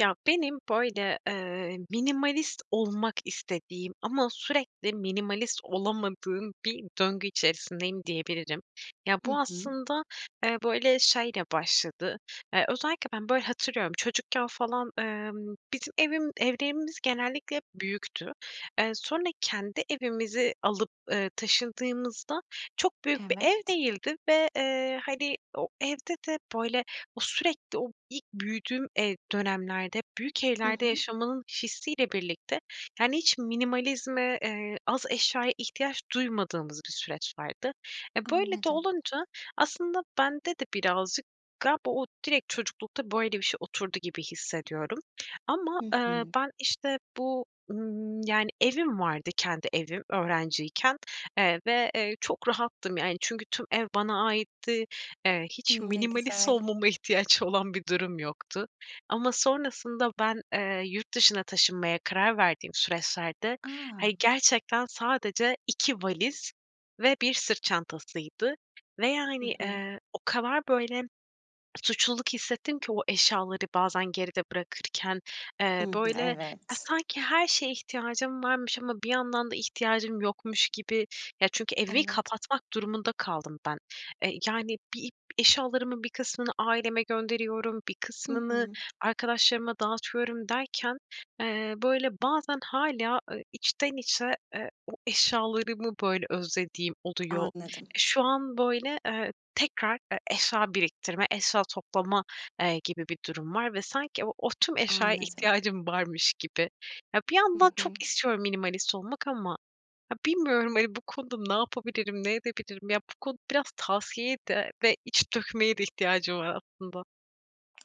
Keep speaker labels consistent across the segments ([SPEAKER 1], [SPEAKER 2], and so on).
[SPEAKER 1] Ya, benim, böyle, eee, minimalist olmak istediğim ama sürekli minimalist olamadığım bir döngü içerisindeyim diyebilirim. Ya,
[SPEAKER 2] Hı
[SPEAKER 1] bu
[SPEAKER 2] hı.
[SPEAKER 1] aslında, eee, böyle, şeyle başladı. Eee, özellikle ben, böyle, hatırlıyorum, çocukken falan, emm, bizim evim evlerimiz genellikle hep büyüktü. Eee, sonra kendi evimizi alıp, eee, taşındığımızda çok büyük bir ev
[SPEAKER 2] Evet.
[SPEAKER 1] değildi ve, eee, hani, o evde de, böyle, o sürekli o ilk büyüdüğüm ev dönemlerde hep büyük
[SPEAKER 2] Hı
[SPEAKER 1] evlerde
[SPEAKER 2] hı.
[SPEAKER 1] yaşamanın hissiyle birlikte, yani, hiç minimalizme, eee, az eşyaya ihtiyaç duymadığımız bir süreç vardı. E, böyle de
[SPEAKER 2] Anladım.
[SPEAKER 1] olunca aslında bende de birazcık galiba o direkt çocuklukta böyle bir şey oturdu gibi hissediyorum ama,
[SPEAKER 2] Hı
[SPEAKER 1] eee,
[SPEAKER 2] hı.
[SPEAKER 1] ben, işte, bu, ımm, yani Evim vardı, kendi evim öğrenciyken, eee, ve, eee, çok rahattım, yani, çünkü tüm ev bana aitti, eee, hiç
[SPEAKER 2] Hımm, ne
[SPEAKER 1] minimalist
[SPEAKER 2] güzel.
[SPEAKER 1] olmama ihtiyaç olan bir durum yoktu. Ama sonrasında ben, eee, yurt dışına taşınmaya karar verdiğim süreçlerde, hani,
[SPEAKER 2] A!
[SPEAKER 1] gerçekten sadece 2 valiz ve 1 sırt çantasıydı ve,
[SPEAKER 2] Hı
[SPEAKER 1] yani,
[SPEAKER 2] hı.
[SPEAKER 1] eee, o kadar, böyle, suçluluk hissettim ki o eşyaları bazen geride bırakırken,
[SPEAKER 2] I
[SPEAKER 1] eee,
[SPEAKER 2] hı,
[SPEAKER 1] böyle, ya,
[SPEAKER 2] evet.
[SPEAKER 1] sanki her şeye ihtiyacım varmış ama bir yandan da ihtiyacım yokmuş gibi. Ya, çünkü evi
[SPEAKER 2] Evet.
[SPEAKER 1] kapatmak durumunda kaldım ben, eee, yani, bir eşyalarımın bir kısmını aileme gönderiyorum, bir
[SPEAKER 2] Hı
[SPEAKER 1] kısmını
[SPEAKER 2] hı.
[SPEAKER 1] arkadaşlarıma dağıtıyorum derken, eee, böyle, bazen hâlâ, ııı, içten içe, eee, o eşyalarımı, böyle, özlediğim oluyor. Eee,
[SPEAKER 2] Anladım.
[SPEAKER 1] şu an, böyle, eee, tekrar, eee, eşya biriktirme, eşya toplama, eee, gibi bir durum var ve sanki o o tüm eşyaya
[SPEAKER 2] Anladım.
[SPEAKER 1] ihtiyacım varmış gibi. Ya, bir
[SPEAKER 2] Hı
[SPEAKER 1] yandan
[SPEAKER 2] hı.
[SPEAKER 1] çok istiyorum minimalist olmak ama ha bilmiyorum, hani, bu konuda ne yapabilirim, ne edebilirim? Ya, bu konu biraz tavsiyeye de ve iç dökmeye de ihtiyacım var aslında.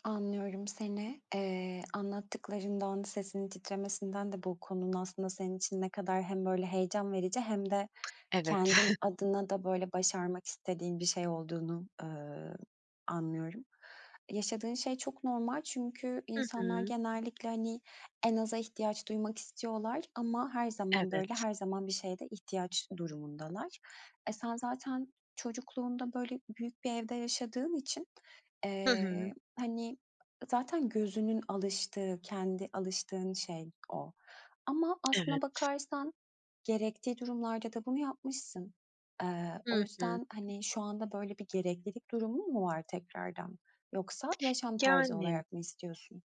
[SPEAKER 2] Anlıyorum seni. Eee, anlattıklarından, sesinin titremesinden de bu konunun aslında senin için ne kadar hem, böyle, heyecan verici hem de
[SPEAKER 1] Evet.
[SPEAKER 2] kendin adına da, böyle, başarmak istediğin bir şey olduğunu, eee, anlıyorum. Yaşadığın şey çok normal çünkü
[SPEAKER 1] Hı
[SPEAKER 2] insanlar
[SPEAKER 1] hı.
[SPEAKER 2] genellikle, hani, en aza ihtiyaç duymak istiyorlar ama her zaman, böyle,
[SPEAKER 1] Evet.
[SPEAKER 2] her zaman bir şeye de ihtiyaç durumundalar. E, sen zaten çocukluğunda, böyle, büyük bir evde yaşadığın için,
[SPEAKER 1] Hı hı.
[SPEAKER 2] eee, hani, zaten gözünün alıştığı, kendi alıştığın şey o. Ama aslında
[SPEAKER 1] Evet.
[SPEAKER 2] bakarsan gerektiği durumlarda da bunu yapmışsın. Eee, o
[SPEAKER 1] Hı hı.
[SPEAKER 2] yüzden, hani, şu anda, böyle, bir gereklilik durumun mu var tekrardan? Yoksa yaşam tarzı
[SPEAKER 1] Yani m
[SPEAKER 2] olarak mı istiyorsun?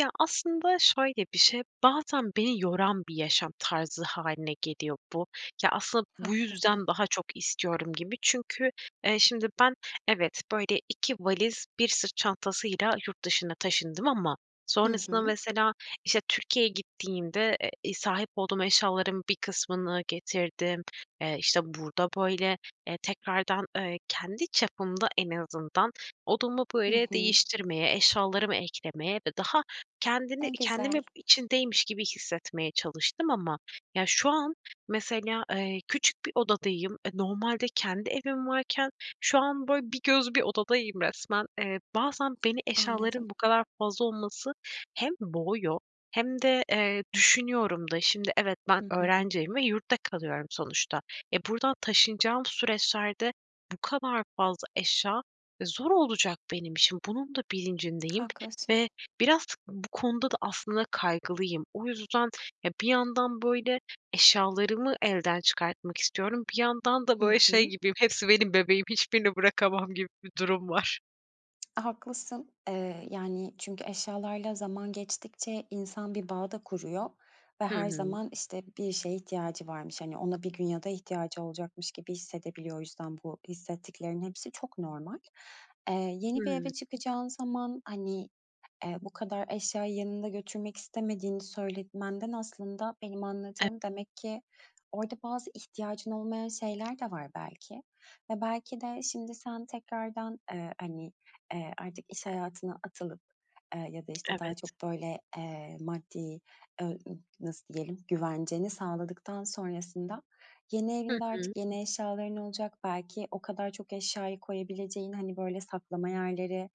[SPEAKER 1] Ya, aslında şöyle bir şey, bazen beni yoran bir yaşam tarzı hâline geliyor bu. Ya, asıl bu
[SPEAKER 2] Haklısın.
[SPEAKER 1] yüzden daha çok istiyorum gibi. Çünkü, eee, şimdi, ben evet, böyle, 2 valiz, 1 sırt çantasıyla yurt dışına taşındım ama
[SPEAKER 2] Hı
[SPEAKER 1] sonrasında
[SPEAKER 2] hı.
[SPEAKER 1] mesela, işte, Türkiye'ye gittiğimde, eee, sahip olduğum eşyaların bir kısmını getirdim, eee, işte, burada, böyle, eee, tekrardan, eee, kendi çapımda en azından odamı
[SPEAKER 2] Hı
[SPEAKER 1] böyle
[SPEAKER 2] hı.
[SPEAKER 1] değiştirmeye, eşyalarımı eklemeye ve daha kendini
[SPEAKER 2] Ne
[SPEAKER 1] kendimi
[SPEAKER 2] güzel.
[SPEAKER 1] içindeymiş gibi hissetmeye çalıştım. Ama, ya, şu an mesela, eee, küçük bir odadayım. E, normalde kendi evim varken şu an, böyle, bir göz bir odadayım resmen. Eee, bazen beni
[SPEAKER 2] Anladım.
[SPEAKER 1] eşyaların bu kadar fazla olması hem boğuyor hem de, eee, düşünüyorum da, şimdi, evet ben
[SPEAKER 2] Hı hı.
[SPEAKER 1] öğrenciyim ve yurtta kalıyorum sonuçta. E, buradan taşınacağım süreçlerde bu kadar fazla eşya, e, zor olacak benim işim. Bunun da bilincindeyim
[SPEAKER 2] Haklısın.
[SPEAKER 1] ve biraz bu konuda da aslında kaygılıyım. O yüzden, ya, bir yandan, böyle, eşyalarımı elden çıkartmak istiyorum, bir yandan da,
[SPEAKER 2] Hı
[SPEAKER 1] böyle, şey
[SPEAKER 2] hı.
[SPEAKER 1] gibiyim, hepsi benim bebeğim, hiçbirini bırakamam gibi bir durum var.
[SPEAKER 2] Haklısın. Eee, yani, çünkü eşyalarla zaman geçtikçe insan bir bağ da kuruyor ve
[SPEAKER 1] Hı
[SPEAKER 2] her
[SPEAKER 1] hı.
[SPEAKER 2] zaman, işte, bir şeye ihtiyacı varmış, hani, ona bir gün ya da ihtiyacı olacakmış gibi hissedebiliyor. O yüzden bu hissettiklerinin hepsi çok normal. Eee, yeni bir eve
[SPEAKER 1] Hıı.
[SPEAKER 2] çıkacağın zaman, hani, eee, bu kadar eşyayı yanında götürmek istemediğini söyletmenden aslında benim
[SPEAKER 1] [unintelligible]
[SPEAKER 2] anladığım, demek ki orada bazı ihtiyacın olmayan şeyler de var belki. Ve belki de şimdi sen tekrardan, eee, hani, eee, artık iş hayatına atılıp, eee, ya da, işte, daha
[SPEAKER 1] Evet.
[SPEAKER 2] çok, böyle, eee, maddi, eee, ııı, nasıl diyelim, güvenceni sağladıktan sonrasında yeni
[SPEAKER 1] Hı
[SPEAKER 2] evinde
[SPEAKER 1] hı.
[SPEAKER 2] artık yeni eşyaların olacak, belki o kadar çok eşyayı koyabileceğin, hani, böyle, saklama yerleri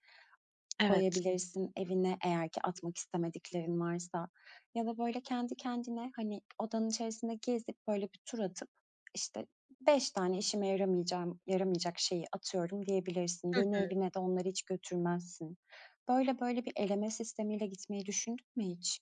[SPEAKER 1] Evet.
[SPEAKER 2] koyabilirsin evine eğer ki atmak istemediklerin varsa. Ya da, böyle, kendi kendine, hani, odanın içerisinde gezip, böyle, bir tur atıp işte, 5 tane işime yaramayacağım, yaramayacak şeyi atıyorum, diyebilirsin.
[SPEAKER 1] Hı
[SPEAKER 2] Yeni
[SPEAKER 1] hı.
[SPEAKER 2] evine de onları hiç götürmezsin. Böyle böyle bir eleme sistemiyle gitmeyi düşündün mü hiç?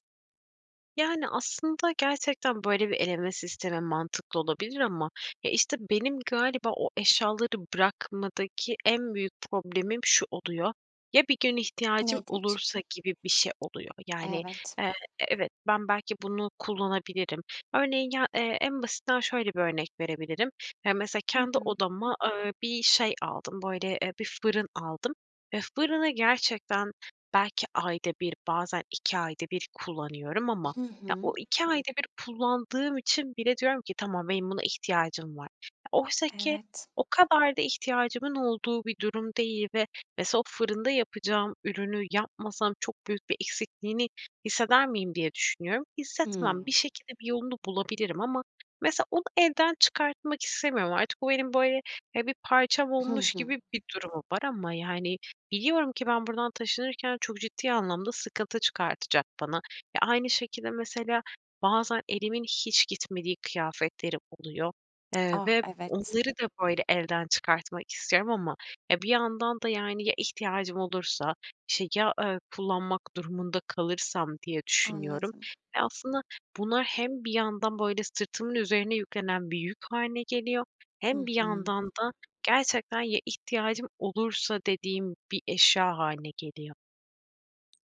[SPEAKER 1] Yani, aslında gerçekten, böyle, bir eleme sistemi mantıklı olabilir ama, e, işte, benim galiba o eşyaları bırakmadaki en büyük problemim şu oluyor: "Ya, bir gün ihtiyacım
[SPEAKER 2] Nedir? Ç
[SPEAKER 1] olursa?" gibi bir şey oluyor. Yani,
[SPEAKER 2] Evet.
[SPEAKER 1] eee, e evet, ben belki bunu kullanabilirim. Örneğin ya, eee, en basitinden şöyle bir örnek verebilirim: Ya, mesela
[SPEAKER 2] Hı
[SPEAKER 1] kendi
[SPEAKER 2] hı.
[SPEAKER 1] odama, ııı, bir şey aldım, böyle, eee, bir fırın aldım ve fırını gerçekten belki ayda 1, bazen 2 ayda 1 kullanıyorum ama
[SPEAKER 2] Hı
[SPEAKER 1] ya,
[SPEAKER 2] hı.
[SPEAKER 1] o, 2 ayda 1 kullandığım için bile diyorum ki "Tamam, benim buna ihtiyacım var." Oysa ki
[SPEAKER 2] Evet.
[SPEAKER 1] o kadar da ihtiyacımın olduğu bir durum değil ve mesela "O, fırında yapacağım ürünü yapmasam çok büyük bir eksikliğini hisseder miyim?" diye düşünüyorum. Hissetmem.
[SPEAKER 2] Hımm.
[SPEAKER 1] Bir şekilde, bir yolunu bulabilirim ama mesela onu elden çıkartmak istemiyorum artık. Bu, benim böyle, ya, bir parçam
[SPEAKER 2] Hı
[SPEAKER 1] olmuş
[SPEAKER 2] hı.
[SPEAKER 1] gibi bir durumu var ama, yani, biliyorum ki ben buradan taşınırken çok ciddi anlamda sıkıntı çıkartacak bana ve aynı şekilde, mesela, bazen elimin hiç gitmediği kıyafetlerim oluyor. Eee,
[SPEAKER 2] Ah!
[SPEAKER 1] ve
[SPEAKER 2] Evet.
[SPEAKER 1] onları da, böyle, evden çıkartmak istiyorum ama bir yandan da, yani, "Ya ihtiyacım olursa?", işte, "Ya, eee, kullanmak durumunda kalırsam?" diye düşünüyorum
[SPEAKER 2] Anladım.
[SPEAKER 1] ve aslında bunlar hem bir yandan, böyle, sırtımın üzerine yüklenen bir yük hâline geliyor
[SPEAKER 2] Hı
[SPEAKER 1] hem bir
[SPEAKER 2] hı.
[SPEAKER 1] yandan da gerçekten "Ya ihtiyacım olursa?" dediğim bir eşya hâline geliyor.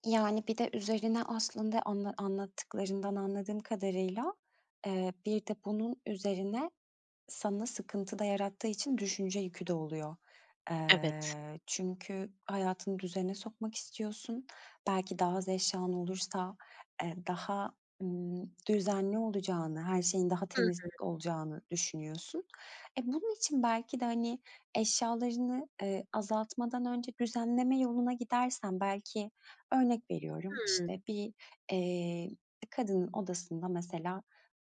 [SPEAKER 2] Yani, bir de üzerine aslında anla anlattıklarından anladığım kadarıyla, eee, bir de bunun üzerine sana sıkıntı da yarattığı için düşünce yükü de oluyor.
[SPEAKER 1] Evet.
[SPEAKER 2] Eee, çünkü hayatını düzene sokmak istiyorsun. Belki daha az eşyan olursa, eee, daha, ımm, düzenli olacağını, her şeyin daha
[SPEAKER 1] Hı
[SPEAKER 2] temiz
[SPEAKER 1] hı.
[SPEAKER 2] olacağını düşünüyorsun. E, bunun için belki de, hani, eşyalarını, ııı, azaltmadan önce düzenleme yoluna gidersen belki örnek veriyorum,
[SPEAKER 1] Hımm.
[SPEAKER 2] işte, bir, eee, bir kadının odasında mesela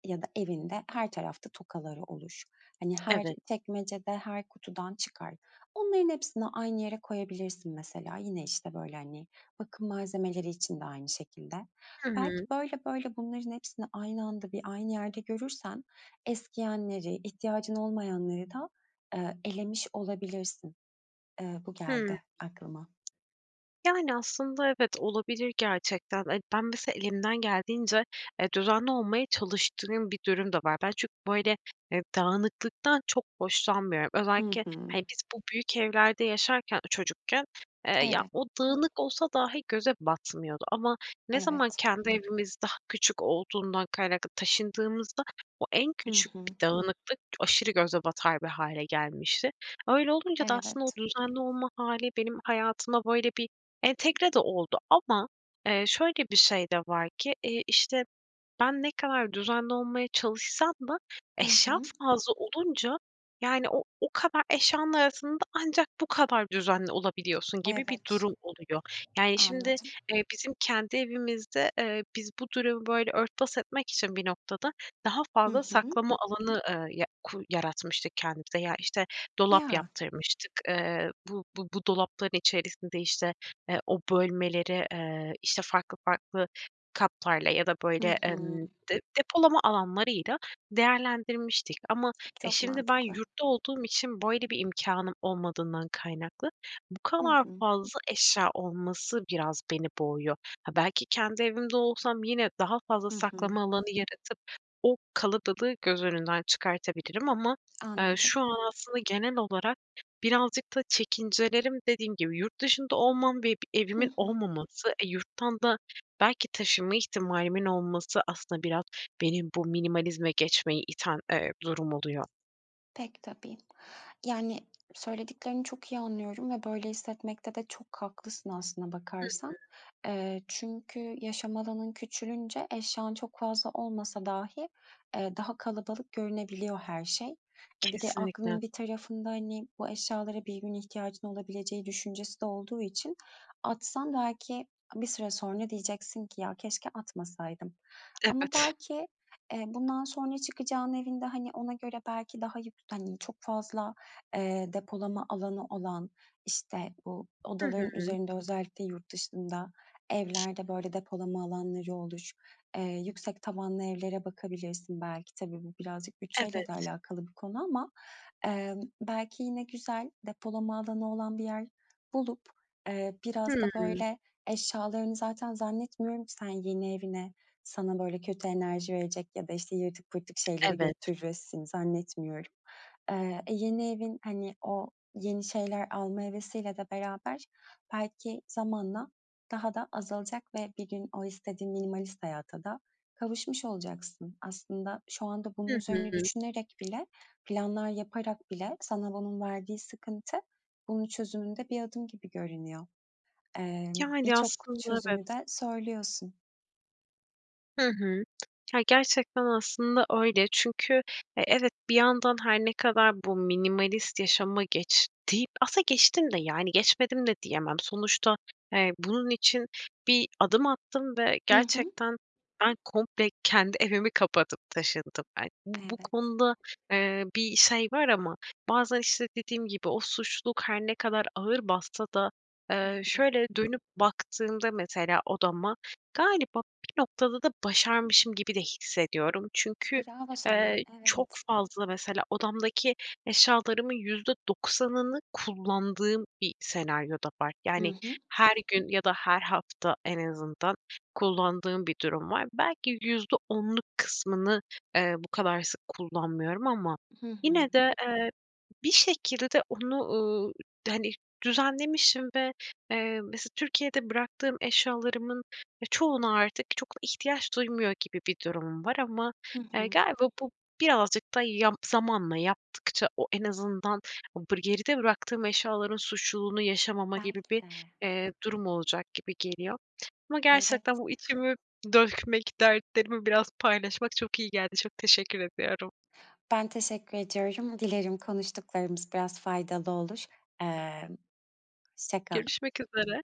[SPEAKER 2] ya da evinde her tarafta tokaları olur. Hani, her
[SPEAKER 1] Evet.
[SPEAKER 2] çekmecede, her kutudan çıkar. Onların hepsini aynı yere koyabilirsin mesela. Yine, işte, böyle, hani, bakım malzemeleri için de aynı şekilde.
[SPEAKER 1] Hı
[SPEAKER 2] Belki
[SPEAKER 1] hı.
[SPEAKER 2] böyle böyle bunların hepsini aynı anda, bir, aynı yerde görürsen eskiyenleri, ihtiyacın olmayanları da, eee, elemiş olabilirsin. Eee, bu
[SPEAKER 1] Hımm.
[SPEAKER 2] geldi aklıma.
[SPEAKER 1] Yani, aslında evet, olabilir gerçekten. E, ben mesela elimden geldiğince, eee, düzenli olmaya çalıştığım bir durum da var. Ben çünkü, böyle, eee, dağınıklıktan çok hoşlanmıyorum.
[SPEAKER 2] Hı
[SPEAKER 1] Özellikle,
[SPEAKER 2] hı.
[SPEAKER 1] hani, biz bu büyük evlerde yaşarken, ııı, çocukken, eee, ya,
[SPEAKER 2] Evet.
[SPEAKER 1] o dağınık olsa dahi göze batmıyordu ama ne zaman
[SPEAKER 2] Evet.
[SPEAKER 1] kendi evimiz daha küçük olduğundan kaynaklı taşındığımızda o en
[SPEAKER 2] Hı
[SPEAKER 1] küçük
[SPEAKER 2] hı.
[SPEAKER 1] bir dağınıklık aşırı göze batar bir hâle gelmişti. Öyle olunca da aslında o
[SPEAKER 2] Evet.
[SPEAKER 1] düzenli olma hâli benim hayatıma böyle bir entegre de oldu ama, eee, şöyle bir şey de var ki, iii, işte, ben ne kadar düzenli olmaya çalışsam da
[SPEAKER 2] Hı
[SPEAKER 1] eşya
[SPEAKER 2] hı.
[SPEAKER 1] fazla olunca, yani, o o kadar eşyanın arasında ancak bu kadar düzenli olabiliyorsun gibi bir
[SPEAKER 2] Evet.
[SPEAKER 1] durum oluyor. Yani, şimdi,
[SPEAKER 2] Anladım.
[SPEAKER 1] eee, bizim kendi evimizde, eee, biz bu durumu böyle örtbas etmek için bir noktada daha
[SPEAKER 2] Hı
[SPEAKER 1] fazla
[SPEAKER 2] hı.
[SPEAKER 1] saklama alanı, ııı, ya ku yaratmıştık kendimize. Ya, işte, dolap
[SPEAKER 2] Ya.
[SPEAKER 1] yaptırmıştık. Eee, bu bu bu dolapların içerisinde, işte, eee, o bölmeleri, eee, işte, farklı farklı katlarla ya da,
[SPEAKER 2] Hı
[SPEAKER 1] böyle,
[SPEAKER 2] hı.
[SPEAKER 1] emm, de depolama alanlarıyla değerlendirmiştik ama e,
[SPEAKER 2] Çok
[SPEAKER 1] şimdi ben
[SPEAKER 2] mantıklı.
[SPEAKER 1] yurtta olduğum için böyle bir imkânım olmadığından kaynaklı, bu
[SPEAKER 2] Hı
[SPEAKER 1] kadar
[SPEAKER 2] hı.
[SPEAKER 1] fazla eşya olması biraz beni boğuyor. Ha, belki kendi evimde olsam yine daha fazla
[SPEAKER 2] Hı hı.
[SPEAKER 1] saklama alanı yaratıp o kalabalığı göz önünden çıkartabilirim ama, eee,
[SPEAKER 2] Anladım.
[SPEAKER 1] şu an aslında genel olarak birazcık da çekincelerim dediğim gibi yurt dışında olmam ve bir
[SPEAKER 2] Hı
[SPEAKER 1] evimin
[SPEAKER 2] hı.
[SPEAKER 1] olmaması, e, yurttan da belki taşıma ihtimalimin olması aslında biraz beni bu minimalizme geçmeye iten, eee, durum oluyor.
[SPEAKER 2] Pek tabii. Yani, söylediklerini çok iyi anlıyorum ve böyle hissetmekte de çok haklısın aslına
[SPEAKER 1] Hı hı.
[SPEAKER 2] bakarsan. Eee, çünkü yaşam alanın küçülünce eşyan çok fazla olmasa dahi, eee, daha kalabalık görünebiliyor her şey. E, bir de
[SPEAKER 1] Kesinlikle.
[SPEAKER 2] aklın bir tarafında, hani, bu eşyalara bir gün ihtiyacın olabileceği düşüncesi de olduğu için atsan belki bir süre sonra diyeceksin ki "Ya, keşke atmasaydım." Ama
[SPEAKER 1] Evet.
[SPEAKER 2] belki, eee, bundan sonra çıkacağının evinde, hani, ona göre belki daha yük hani, çok fazla, eee, depolama alanı olan, işte, bu
[SPEAKER 1] Hı
[SPEAKER 2] odaların
[SPEAKER 1] hı.
[SPEAKER 2] üzerinde özellikle yurt dışında evlerde böyle depolama alanları olur, eee, yüksek tavanlı evlere bakabilirsin belki. Tabii bu birazcık bütçeyle de
[SPEAKER 1] Evet.
[SPEAKER 2] alakalı bir konu ama, emm, belki yine güzel depolama alanı olan bir yer bulup, eee, biraz da
[SPEAKER 1] Hımm.
[SPEAKER 2] böyle eşyalarını zaten zannetmiyorum ki sen yeni evine sana, böyle, kötü enerji verecek ya da, işte, yırtık pırtık şeyleri
[SPEAKER 1] Evet.
[SPEAKER 2] götüresin, zannetmiyorum. Eee, e, yeni evin, hani, o yeni şeyler alma hevesiyle de beraber belki zamanla daha da azalacak ve bir gün o istediğin minimalist hayata da kavuşmuş olacaksın. Aslında şu anda bunun
[SPEAKER 1] Hı
[SPEAKER 2] üzerine
[SPEAKER 1] hı.
[SPEAKER 2] düşünerek bile, planlar yaparak bile sana onun verdiği sıkıntı bunun çözümünde bir adım gibi görünüyor. Eee,
[SPEAKER 1] Yani
[SPEAKER 2] birçok
[SPEAKER 1] aslında
[SPEAKER 2] çözümü
[SPEAKER 1] evet.
[SPEAKER 2] de söylüyorsun.
[SPEAKER 1] Hı hı. Ya, gerçekten aslında öyle. Çünkü, eee, evet, bir yandan her ne kadar bu minimalist yaşama geç deyip aslında geçtim de, yani, geçmedim de diyemem. Sonuçta, eee, bunun için bir adım attım ve
[SPEAKER 2] I hı.
[SPEAKER 1] gerçekten ben komple kendi evimi kapatıp taşındım ben. Bu bu
[SPEAKER 2] Evet.
[SPEAKER 1] konuda, eee, bir şey var ama bazen, işte, dediğim gibi o suçluluk her ne kadar ağır bassa da,
[SPEAKER 2] Hı
[SPEAKER 1] eee,
[SPEAKER 2] hı.
[SPEAKER 1] şöyle dönüp baktığımda mesela odama, galiba bir noktada da başarmışım gibi de hissediyorum.
[SPEAKER 2] E,
[SPEAKER 1] Çünkü,
[SPEAKER 2] bravo sana!
[SPEAKER 1] eee, çok
[SPEAKER 2] Evet.
[SPEAKER 1] fazla mesela odamdaki eşyalarımın %90'ını kullandığım bir senaryo da var.
[SPEAKER 2] I
[SPEAKER 1] Yani,
[SPEAKER 2] hı.
[SPEAKER 1] her gün ya da her hafta en azından kullandığım bir durum var. Belki %10'luk kısmını, eee, bu kadar sık kullanmıyorum. Ama
[SPEAKER 2] Hı
[SPEAKER 1] yine
[SPEAKER 2] hı.
[SPEAKER 1] de, eee, bir şekilde onu, ııı, hani, düzenlemişim ve, eee, mesela Türkiye'de bıraktığım eşyalarımın ya, çoğuna artık çok ihtiyaç duymuyor gibi bir durumum var. Ama,
[SPEAKER 2] Hı
[SPEAKER 1] eee,
[SPEAKER 2] hı.
[SPEAKER 1] galiba bu birazcık da yap zamanla yaptıkça o en azından o bır geride bıraktığım eşyaların suçluluğunu yaşamamak gibi
[SPEAKER 2] Belki
[SPEAKER 1] bir,
[SPEAKER 2] de.
[SPEAKER 1] eee, durum olacak gibi geliyor. Ama gerçekten
[SPEAKER 2] Evet.
[SPEAKER 1] bu içimi dökmek, dertlerimi biraz paylaşmak çok iyi geldi. Çok teşekkür ediyorum.
[SPEAKER 2] Ben teşekkür ediyorum. Dilerim konuştuklarımız biraz faydalı olur. Eee, hoşça kal.
[SPEAKER 1] Görüşmek üzere.